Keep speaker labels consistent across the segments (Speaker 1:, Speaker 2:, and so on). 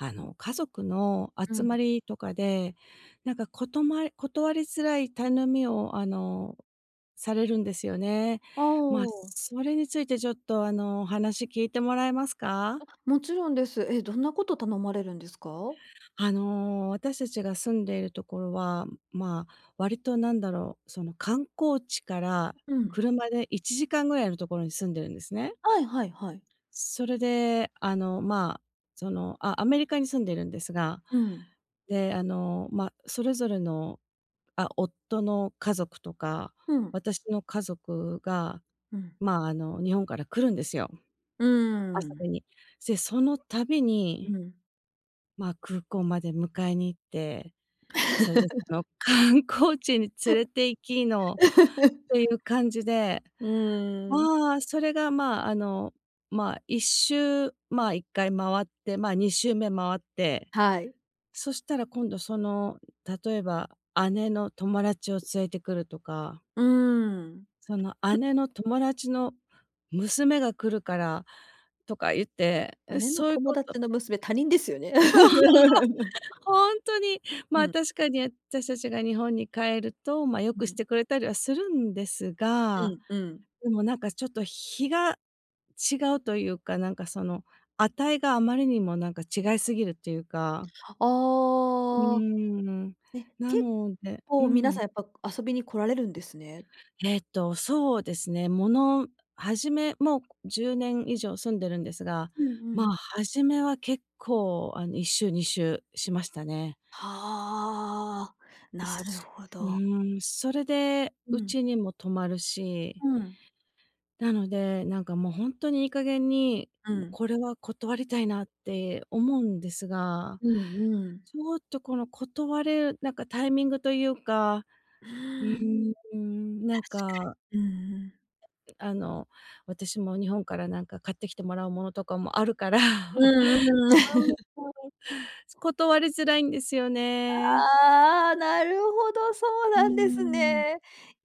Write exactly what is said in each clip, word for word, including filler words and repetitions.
Speaker 1: あの、家族の
Speaker 2: う
Speaker 1: 集ま
Speaker 2: ん。
Speaker 1: りとかで。なんか、ことま断りづらい頼みを、あの、されるんですよね。
Speaker 2: あああ
Speaker 1: まあ、
Speaker 2: あああ。
Speaker 1: それについてちょっと、あの、話聞いてもらえますか？
Speaker 2: あ、もちろんです。え、どんなこと頼まれるんですか？
Speaker 1: あの、私たちが住んでいるところは、まあ、割となんだろう。その、観光地から、
Speaker 2: うん。
Speaker 1: 車でいちじかんぐらいのところに住んでるんですね。
Speaker 2: はい、はい、はい。
Speaker 1: それで、あの、まあ、その、アアメリカに住んでいるんですが。
Speaker 2: うん。
Speaker 1: で、あの、まあ、それぞれの、あ、夫の家族とか、
Speaker 2: うん。
Speaker 1: 私の家族が、
Speaker 2: うん。
Speaker 1: まあ、あの、日本から来るんですよ。
Speaker 2: うんうんう
Speaker 1: 遊
Speaker 2: ん。
Speaker 1: びに。で、その度
Speaker 2: う
Speaker 1: に
Speaker 2: ん。
Speaker 1: まあ、空港まで迎えに行って。それでその、観光地に連れて行きの、っ ていう感じで。
Speaker 2: うーん。
Speaker 1: まあ、それが、まあ、あの、まあ、いっしゅうまあ、いっかいまわって。まあ、にしゅうめ回って、
Speaker 2: はい。
Speaker 1: そしたら今度その、例えば姉の友達を連れてくるとか。
Speaker 2: うーん。
Speaker 1: その、
Speaker 2: ふ。
Speaker 1: 姉の友達の娘が来るからとか言って。
Speaker 2: 姉の
Speaker 1: そういう
Speaker 2: 友
Speaker 1: こと
Speaker 2: 達の娘、他人ですよね。
Speaker 1: そう、本当に。ま
Speaker 2: う
Speaker 1: あ、
Speaker 2: ん。
Speaker 1: 確かに私たちが日本に帰ると、まあ、良く
Speaker 2: う
Speaker 1: し
Speaker 2: ん。
Speaker 1: てくれたりはするんです
Speaker 2: う
Speaker 1: が。
Speaker 2: ん、うん。
Speaker 1: でもなんかちょっと比が違うというか。なんかその、値があまりにもなんか、違いすぎるというか。うー
Speaker 2: ああ。
Speaker 1: ん。
Speaker 2: え、
Speaker 1: な
Speaker 2: 結
Speaker 1: のでう
Speaker 2: 構皆
Speaker 1: ん。
Speaker 2: さんやっぱ、遊びに来られるんですね。
Speaker 1: ええと、そうですね。ものはじめもうじゅうねん以上住んでるんですが。
Speaker 2: うんう
Speaker 1: まあ、
Speaker 2: ん。
Speaker 1: 初めは結構、あの、いっしゅうにしゅうしましたね。
Speaker 2: はあ。
Speaker 1: え、
Speaker 2: なる
Speaker 1: す
Speaker 2: ほ
Speaker 1: う
Speaker 2: ど。
Speaker 1: ーん、それで
Speaker 2: う
Speaker 1: う
Speaker 2: ん。
Speaker 1: ちにも泊まるし。
Speaker 2: うん。
Speaker 1: なので、なんかもう本当にいい加減に。
Speaker 2: う
Speaker 1: ん、
Speaker 2: ん。
Speaker 1: これは断りたいなって思うんですが。
Speaker 2: うんうん。
Speaker 1: ちょっとこの断る、なんかタイミングというか。
Speaker 2: う
Speaker 1: う
Speaker 2: ん。
Speaker 1: ーん。なん
Speaker 2: 確か
Speaker 1: か。
Speaker 2: に。うん、うん。
Speaker 1: あの、私も日本から、何か買ってきてもらうものとかもあるから。
Speaker 2: う んうん。
Speaker 1: そう、そう。断りづらいんですよね。
Speaker 2: ああ、なるほど。そう
Speaker 1: うー
Speaker 2: なんです。
Speaker 1: ん。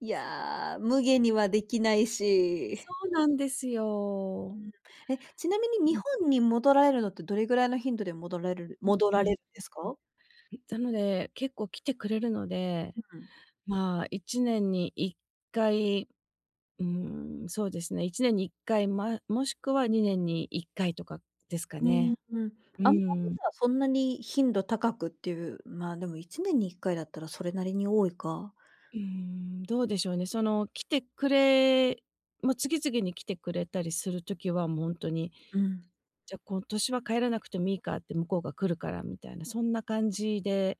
Speaker 2: い や、無下にはできないし。
Speaker 1: そうなんです
Speaker 2: う
Speaker 1: よ。
Speaker 2: ん。え、ちなみに日
Speaker 1: うん。
Speaker 2: 本に戻られるのって、どれぐらいの頻度で戻らるる
Speaker 1: うん、う
Speaker 2: 戻
Speaker 1: う
Speaker 2: ら
Speaker 1: ん。う
Speaker 2: れ
Speaker 1: ん、
Speaker 2: るんですか？
Speaker 1: うん。でもね、結構来てくれるので。
Speaker 2: うん。
Speaker 1: まあ、いちねんにいっかい。うん、そうですね。いちねんにいっかい、まあ、もしくはにねんにいっかいとかですか
Speaker 2: うん、う
Speaker 1: ね。
Speaker 2: ーん。
Speaker 1: う
Speaker 2: あんまり
Speaker 1: ん。
Speaker 2: じゃあ、そんなに頻度高くっていうまあ、でもいちねんにいっかいだったら、それなりに多いか。
Speaker 1: うーん、どうでしょうね。その来てくれまあ、次々に来てくれたりする時は、もう本当に、
Speaker 2: うん。
Speaker 1: じゃあ今年は帰らなくてもいいかって。向こうが来るからみたいな。そんな感じで、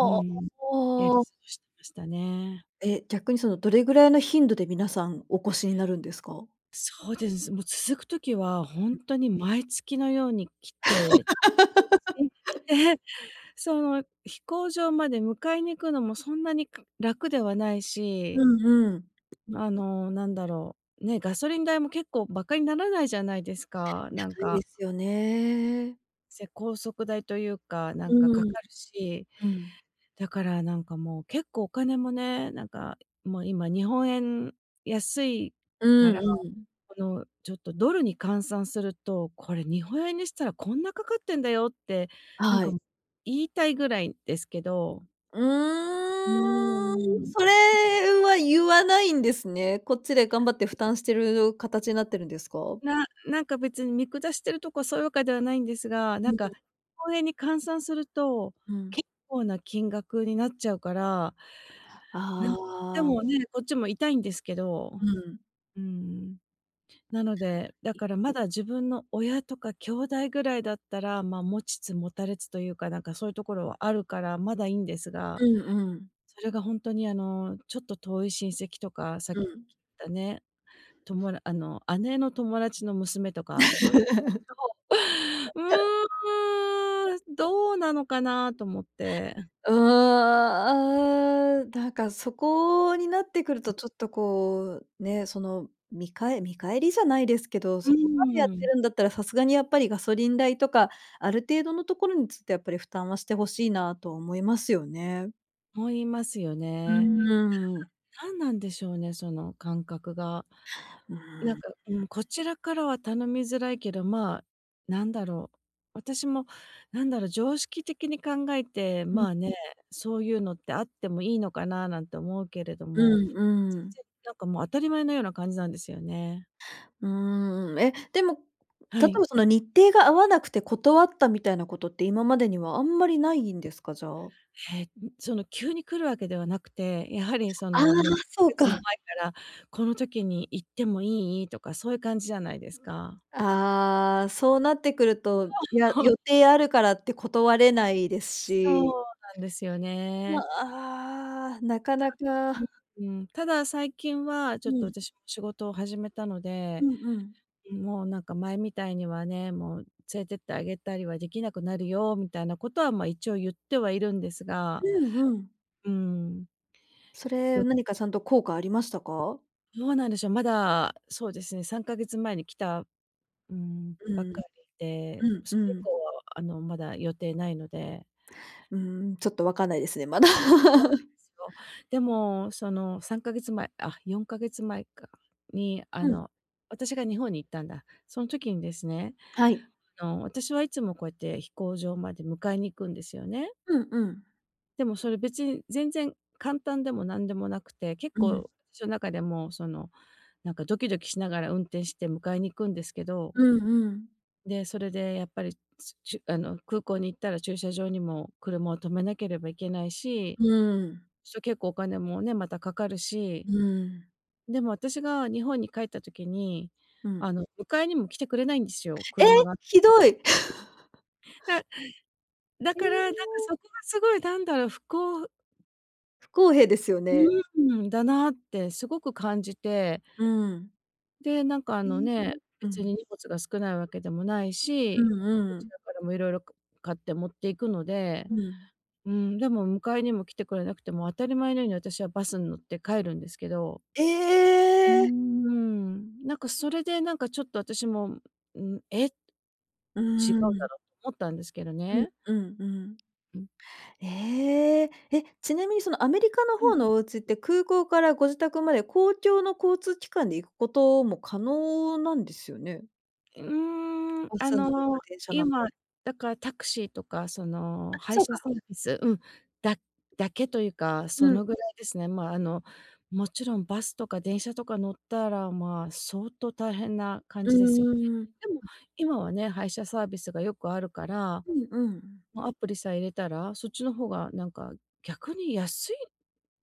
Speaker 1: うーん。やり過
Speaker 2: あ。
Speaker 1: ごしてましたね。
Speaker 2: え、逆にその、どれぐらいの頻度で、皆さんお越しになるんですか？
Speaker 1: そうです。もう続く時は、本当に毎月のように来て。で、その飛行場まで迎えに行くのもそんなに、く、楽ではないし。
Speaker 2: うんうん。
Speaker 1: あの、なんだろう。ね、ガソリン代も結構、馬鹿にならないじゃないですか。なん
Speaker 2: 高いで
Speaker 1: か。
Speaker 2: すよね。
Speaker 1: せ高速代というか、な
Speaker 2: う
Speaker 1: んかか
Speaker 2: ーん、
Speaker 1: かるし、
Speaker 2: うん。
Speaker 1: だからなんか、もう結構お金もね、なんかもう今、日本円安い
Speaker 2: う
Speaker 1: か
Speaker 2: ん
Speaker 1: ら、
Speaker 2: うん。
Speaker 1: このちょっとドルに換算すると、これ日本円にしたらこんなかかってんだよって、なん
Speaker 2: は
Speaker 1: か
Speaker 2: い。
Speaker 1: も言いたいぐらいですけど。
Speaker 2: う
Speaker 1: うー
Speaker 2: ーん、
Speaker 1: ん。
Speaker 2: それは言わないんですね。こっちで頑張って負担してる形なってるんですか？
Speaker 1: ななんか別に見下してるとこそういうわけではないんですが、
Speaker 2: う
Speaker 1: なん
Speaker 2: ん。
Speaker 1: か、こう円に換算すると、
Speaker 2: うん。
Speaker 1: 結構な金額になっちゃうから、なんで
Speaker 2: ああ。
Speaker 1: もね、こっちも痛いんですけど
Speaker 2: うん。
Speaker 1: うーん、なので、だからまだ自分の親とか兄弟ぐらいだったら、まあ、持ちつ持たれつというか、なんかそういうところはあるから、まだいいんですが、
Speaker 2: うんうん。
Speaker 1: それがほんとに、あの、ちょっと遠い親戚とか、さ
Speaker 2: う
Speaker 1: き
Speaker 2: ん。
Speaker 1: 言ったね、ともらあの、姉の友達の娘とか、そういうのだと、う ーん、どうなのかな？と思って。
Speaker 2: うーん、ああ。なんかそこになってくる
Speaker 1: う
Speaker 2: と
Speaker 1: ん。
Speaker 2: ちょっとこう、ね、そのみかえ見返りじゃないですけど、
Speaker 1: う
Speaker 2: そこまでやっ
Speaker 1: ー
Speaker 2: て
Speaker 1: ん。
Speaker 2: るんだったら、さすがにやっぱりガソリン代とか、ある程度のところにちょっとやっぱり負担はして欲しいなと思いますよね。
Speaker 1: 思いますよ
Speaker 2: う
Speaker 1: ね。
Speaker 2: ーん。
Speaker 1: 何なんでしょうね、その感覚が。
Speaker 2: うー
Speaker 1: な
Speaker 2: ん。
Speaker 1: ん
Speaker 2: うん。
Speaker 1: か、ん、こちらからは頼みづらいけど、まあなんだろう、私もなんだろう、常識的に考えて、
Speaker 2: う
Speaker 1: ま
Speaker 2: ん。
Speaker 1: あね、そう言うのってあってもいいのかななんて思うけれど
Speaker 2: う
Speaker 1: も、
Speaker 2: んう
Speaker 1: 全
Speaker 2: ん。
Speaker 1: 然なんかもう当たり前のような感じなんですよね。
Speaker 2: うーん。え、でも、
Speaker 1: は
Speaker 2: 例え
Speaker 1: い。
Speaker 2: ばその日程が合わなくて断ったみたいなことって今までにはあんまりないんですか、じゃあ。
Speaker 1: へえ、その急に来るわけではなくて、やはりそ
Speaker 2: ああ、
Speaker 1: のもう何か
Speaker 2: そう
Speaker 1: 月も
Speaker 2: か。
Speaker 1: 前から、この時に行ってもいいとか、そういう感じじゃないですか。
Speaker 2: ああ、そうなってくると、いや、予定あるからって断れないです
Speaker 1: そ
Speaker 2: し。
Speaker 1: うなんですよね。
Speaker 2: あ、ああ、なか
Speaker 1: じ
Speaker 2: な
Speaker 1: ゃ、
Speaker 2: か。
Speaker 1: うんうん。ただ、最近はちょ
Speaker 2: う
Speaker 1: っと
Speaker 2: ん。
Speaker 1: 私も仕事を始めたの
Speaker 2: う
Speaker 1: で、
Speaker 2: んうん。
Speaker 1: もうなんか前みたいにはね、もう連れてってあげたりはできなくなるよ、みたいなことはまあ、一応言ってはいるんですが、
Speaker 2: うんうん。
Speaker 1: うーん。
Speaker 2: そ
Speaker 1: そ
Speaker 2: れ
Speaker 1: う。
Speaker 2: 何かちゃんと効果ありましたか？
Speaker 1: どうなんでしょう、まだ、そうですね、さんかげつ前に来た、うーん、
Speaker 2: う
Speaker 1: ばっ
Speaker 2: ん。
Speaker 1: かり
Speaker 2: う
Speaker 1: で、
Speaker 2: ん、
Speaker 1: そ
Speaker 2: う
Speaker 1: れ以
Speaker 2: ん。
Speaker 1: 降は、あの、まだ予定ないので。
Speaker 2: うーん、ちょっと分かんないですね、まだ。
Speaker 1: いや、そう、でもそのさんかげつ前、あ、よんかげつ前か、に、あ
Speaker 2: うん。
Speaker 1: の、私が日本に行ったんだ。その時にですね、
Speaker 2: はい。
Speaker 1: あの、私はいつもこうやって飛行場まで迎えに行くんですよね。
Speaker 2: うんうん。
Speaker 1: でもそれ、別に全然簡単でも何でもなくて、結
Speaker 2: うん。
Speaker 1: 構しの中でもその、なんかドキドキしながら運転して迎えに行くんですけど。
Speaker 2: うんうん。
Speaker 1: で、それでやっぱりしゅあの、空港に行ったら駐車場にも車を停めなければいけないし、
Speaker 2: うん。
Speaker 1: そう結構お金もね、またかかるし、
Speaker 2: うん。
Speaker 1: でも私が日本に帰った時に、
Speaker 2: うん。
Speaker 1: あの、迎えにも来てくれないんですよ、
Speaker 2: え、
Speaker 1: 車が。
Speaker 2: ひどい。
Speaker 1: だだ
Speaker 2: え
Speaker 1: から、なんか
Speaker 2: え。
Speaker 1: そこがすごいなんだろう、ふこう
Speaker 2: 不公平ですよ
Speaker 1: う
Speaker 2: ね。
Speaker 1: ーん。だなってすごく感じて
Speaker 2: うん。
Speaker 1: で、なんかあ
Speaker 2: え
Speaker 1: の
Speaker 2: え、
Speaker 1: ね、
Speaker 2: う
Speaker 1: 別
Speaker 2: ん。
Speaker 1: に荷物が少ないわけでもない
Speaker 2: う
Speaker 1: し、
Speaker 2: ん
Speaker 1: こ
Speaker 2: う
Speaker 1: ち
Speaker 2: ん。
Speaker 1: らからも色々か買って持っていくので、
Speaker 2: うん。
Speaker 1: うーん、でも迎えにも来てくれなくて、もう、あたり前のように私はバスん乗って帰るんですけど
Speaker 2: え
Speaker 1: うー
Speaker 2: え！
Speaker 1: ん、なんか、それでなんか、ちょっと私も、ん、「え」
Speaker 2: うー
Speaker 1: 「違うだ
Speaker 2: ん。
Speaker 1: ろう」思ったんですけど
Speaker 2: うん、
Speaker 1: ね。
Speaker 2: うんうん。
Speaker 1: うん。
Speaker 2: ええ、え、ちなみにその、アメリカの
Speaker 1: う
Speaker 2: ほ
Speaker 1: ん。
Speaker 2: うのお家って、空港からご自宅まで公共の交通機関で行くことも可能なんですよね？
Speaker 1: うーん。
Speaker 2: バ
Speaker 1: あ
Speaker 2: スん乗るか
Speaker 1: の、
Speaker 2: 電車なの。
Speaker 1: 今、だからタクシーとか、その、
Speaker 2: あ、
Speaker 1: 配
Speaker 2: そう
Speaker 1: 車
Speaker 2: か。
Speaker 1: サービスうん、だだけというか、
Speaker 2: う
Speaker 1: そ
Speaker 2: ん。
Speaker 1: のぐらいですね。まあ、あの、もちろんバスとか電車とか乗ったら、まあ、相当大変な感
Speaker 2: うん
Speaker 1: じですよ
Speaker 2: う
Speaker 1: ね。
Speaker 2: んうん。
Speaker 1: でも
Speaker 2: あ。
Speaker 1: 今はね、配車サービスがよくあるから。
Speaker 2: ふん、うんうん。
Speaker 1: ま、アプリさえ入れたら、そっちの方がなんか逆に安い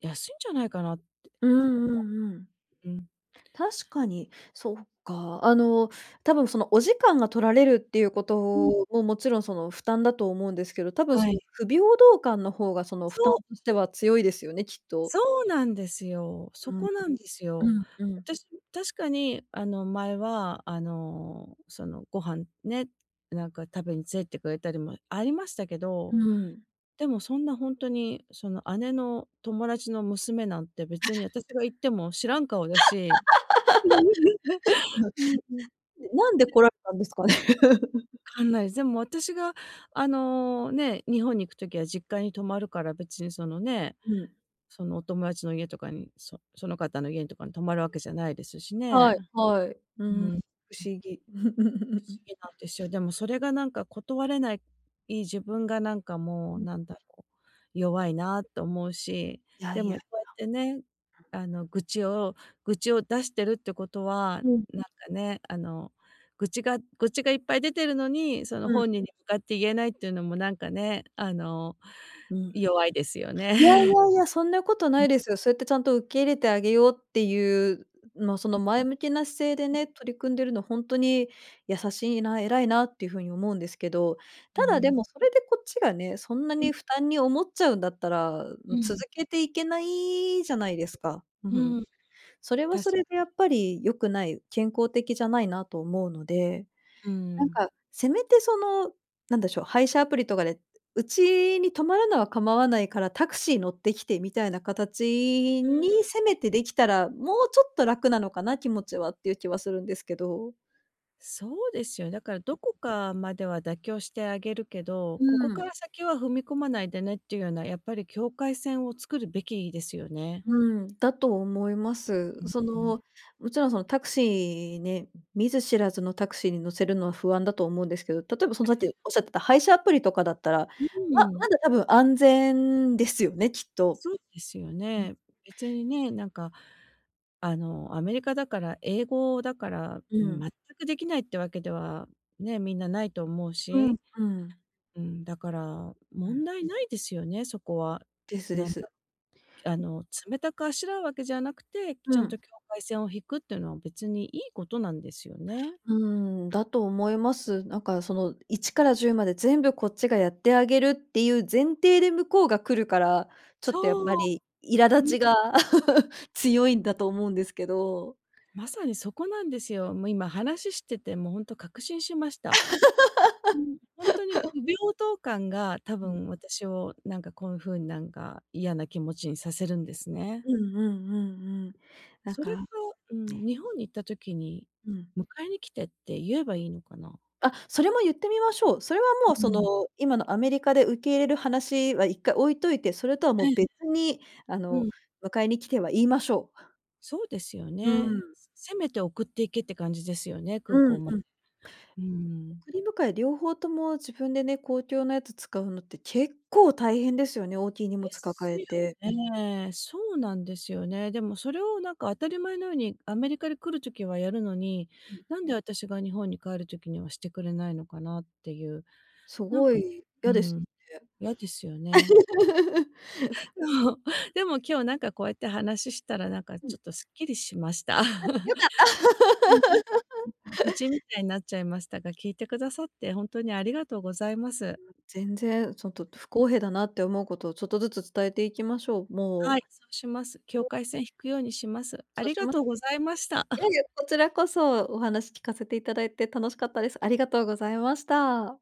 Speaker 1: 安いんじゃないかなって
Speaker 2: う
Speaker 1: 思
Speaker 2: ん、うん、うん。
Speaker 1: う。うん。
Speaker 2: 確かに。そっか。あの、多分その、お時間が取られるっていうこ
Speaker 1: うん。
Speaker 2: とも、もちろん、その、負担だと思うんですけど。多分
Speaker 1: は
Speaker 2: その、
Speaker 1: い。
Speaker 2: 不平等感の方が、その、
Speaker 1: そ
Speaker 2: 負担
Speaker 1: う！
Speaker 2: としては強いですよね、きっと。
Speaker 1: そうなんですよ。そ
Speaker 2: うん。
Speaker 1: こなんです
Speaker 2: う
Speaker 1: よ。
Speaker 2: ん、うん。
Speaker 1: 私、確かにあの、前は、あの、その、ご飯ね。なんか食べに連れてくれたりもありましたけ
Speaker 2: う
Speaker 1: ど。
Speaker 2: ーん。
Speaker 1: でもそんな、ほんとに、その姉の友達の娘なんて、別に私が 行っても知らん顔だし。うん、うん。
Speaker 2: なんで
Speaker 1: [unintelligible]
Speaker 2: 来られたんですかね？
Speaker 1: 分かんない。でも、私があのね、日本に行く時は、実家に泊まるから。別にそのね、
Speaker 2: うん。
Speaker 1: そのお友達の家とかに、そその方の家んとかに泊まるわけじゃないですし
Speaker 2: は
Speaker 1: ね。
Speaker 2: い、はい。う
Speaker 1: うん。
Speaker 2: ーん。不
Speaker 1: うん。
Speaker 2: 思議。
Speaker 1: 不思 議なんですよ。でも、それがなんか断れない自分が、なんかも
Speaker 2: う
Speaker 1: う、
Speaker 2: ん。
Speaker 1: なんだろう、弱いなと思うし。
Speaker 2: いや、
Speaker 1: で
Speaker 2: いや、いや。
Speaker 1: もこうやってね、
Speaker 2: うん。
Speaker 1: あの、愚痴を愚痴を出してるってことは、
Speaker 2: うん。
Speaker 1: なんかね、あの、愚痴が愚痴がいっぱい出てるのに、その
Speaker 2: うん。
Speaker 1: 本人に向かって言えないっていうのもなんかね。あの、
Speaker 2: うん。
Speaker 1: 弱いですよね。
Speaker 2: いやいやいや。そんなこと
Speaker 1: う
Speaker 2: ない
Speaker 1: ん。
Speaker 2: ですよ。そうやってちゃんと、受け入れてあげようっていう、まあ、そ
Speaker 1: う
Speaker 2: の
Speaker 1: ん。
Speaker 2: 前向きな姿勢で
Speaker 1: うん。
Speaker 2: ね、取り組んでるのほんとに優しいな、偉いなっていうふうに思うんですけど。
Speaker 1: う
Speaker 2: ただ、で
Speaker 1: ん。
Speaker 2: も、それでこっちがね、そんな
Speaker 1: うん。
Speaker 2: に負担に思っちゃうんだったら、
Speaker 1: う
Speaker 2: 続
Speaker 1: ん。
Speaker 2: けていけないじゃないですか。う、ふん。
Speaker 1: うん、
Speaker 2: それは
Speaker 1: 確
Speaker 2: そ
Speaker 1: か
Speaker 2: れでや
Speaker 1: に。
Speaker 2: っぱり良くない、健康的じゃないなと思うので。
Speaker 1: うー
Speaker 2: なん
Speaker 1: ん。
Speaker 2: か、せめてそのなんでしょう。配車アプリとかで、うちに泊まるのは構わないからタクシー乗ってきて、みたいな形
Speaker 1: うーん。
Speaker 2: にせ
Speaker 1: [unintelligible]
Speaker 2: めてできたら。もうちょっと楽なのかな、気持ちは。っていう気はするんですけど。
Speaker 1: そうですよね。だからどこかまでは妥協してあげるけど、
Speaker 2: う
Speaker 1: ここ
Speaker 2: ーん。
Speaker 1: から先は踏み込まないでねっていうような、やっぱり境界線を作るべきですよね。
Speaker 2: うーん、だと思います。
Speaker 1: うん、
Speaker 2: そ
Speaker 1: ふん。
Speaker 2: の、もちろんそのタクシーね、見ず知らずのタクシーに乗せるのは不安だと思うんですけど、例えばその
Speaker 1: え
Speaker 2: さっき
Speaker 1: え。
Speaker 2: おっしゃってた配車アプリとかだったら、
Speaker 1: う
Speaker 2: ま、
Speaker 1: ー
Speaker 2: ま
Speaker 1: ん。
Speaker 2: だ多分安全ですよね、きっと。
Speaker 1: そうですよ
Speaker 2: うん。
Speaker 1: ね。別にね、なんかあのアメリカだから、英語だから
Speaker 2: うん。
Speaker 1: 全くできないってわけでは、ね、みんなないと思う
Speaker 2: うん、
Speaker 1: し、
Speaker 2: うん。
Speaker 1: うん、だから、
Speaker 2: うん。
Speaker 1: 問題ないですよね、そこは。
Speaker 2: ですで
Speaker 1: なん
Speaker 2: す。
Speaker 1: だ。あの冷たくあしらうわけじゃなくて、ち
Speaker 2: う
Speaker 1: ゃんと
Speaker 2: ん。
Speaker 1: 境界線を引くっていうのは別にいいことなんですよね。
Speaker 2: うーん、だと思います。なんかその一から十まで全部こっちがやってあげるっていう前提で向こうが来るから、ちょっとやっぱ
Speaker 1: そう。
Speaker 2: り苛立
Speaker 1: う
Speaker 2: ち
Speaker 1: ん。
Speaker 2: が 強いんだと思うんですけど。
Speaker 1: まさにそこなんですよ。もう今話しててもう本当確信しました。うーん。ホントに不 平等感が多
Speaker 2: うん。
Speaker 1: 分私をなんかこういう風になんか嫌な気持ちにさせるんですね。
Speaker 2: うんうんうんうん。なん
Speaker 1: それか
Speaker 2: か、
Speaker 1: う
Speaker 2: ね。
Speaker 1: ん。日本に行った時に
Speaker 2: うん。
Speaker 1: 迎えに来てって言えばいいのかな？
Speaker 2: あ、それも言ってみましょう。それはもう
Speaker 1: う
Speaker 2: そ
Speaker 1: ん。
Speaker 2: の今のアメリカで受け入れる話は一回置いといて、それとはも
Speaker 1: ええ。
Speaker 2: う別にあ
Speaker 1: う
Speaker 2: の
Speaker 1: ん。
Speaker 2: 迎えに来ては言いましょう。
Speaker 1: そうですよ
Speaker 2: う
Speaker 1: ね。
Speaker 2: ん。
Speaker 1: せめて送って行けって感じですよね、空
Speaker 2: う
Speaker 1: 港
Speaker 2: ん
Speaker 1: ま
Speaker 2: う
Speaker 1: で。
Speaker 2: ん。
Speaker 1: うーん。
Speaker 2: 送り迎え両方とも自分でね、公共のやつ使うのって結構大変ですよね、大きい荷
Speaker 1: で
Speaker 2: 物
Speaker 1: す
Speaker 2: 抱え
Speaker 1: よ
Speaker 2: て。
Speaker 1: ね。そうなんですよね。でもそれをなんか当たり前のように、アメリカに来る時はやるのに、
Speaker 2: ふん。
Speaker 1: なんで私が日本に帰る時にはしてくれないのかなっていう、
Speaker 2: す
Speaker 1: なん
Speaker 2: ご
Speaker 1: かね、
Speaker 2: い、
Speaker 1: う
Speaker 2: 嫌で
Speaker 1: ー
Speaker 2: す
Speaker 1: ん、
Speaker 2: よね。
Speaker 1: 嫌ですよね。
Speaker 2: うん。
Speaker 1: そうでも今日なんかこうやって話したら、なんか
Speaker 2: う
Speaker 1: ちょ
Speaker 2: ん。
Speaker 1: っとすっきりしました。
Speaker 2: あ、よかった。
Speaker 1: うん。なん [unintelligible] 愚痴み たいになっちゃいましたが、聞いてくださって本当にありがとうございます。
Speaker 2: もう全然ちょっと不公平だなって思うことをちょっとずつ伝えていきましょう。
Speaker 1: は
Speaker 2: も
Speaker 1: い、そうします。
Speaker 2: う。
Speaker 1: 境
Speaker 2: で。
Speaker 1: 界線引くようにします。あ
Speaker 2: そう
Speaker 1: り
Speaker 2: し
Speaker 1: が
Speaker 2: まし。
Speaker 1: とうございました。
Speaker 2: いやい や、こちらこそお話聞かせていただいて楽しかったです。ありがとうございました。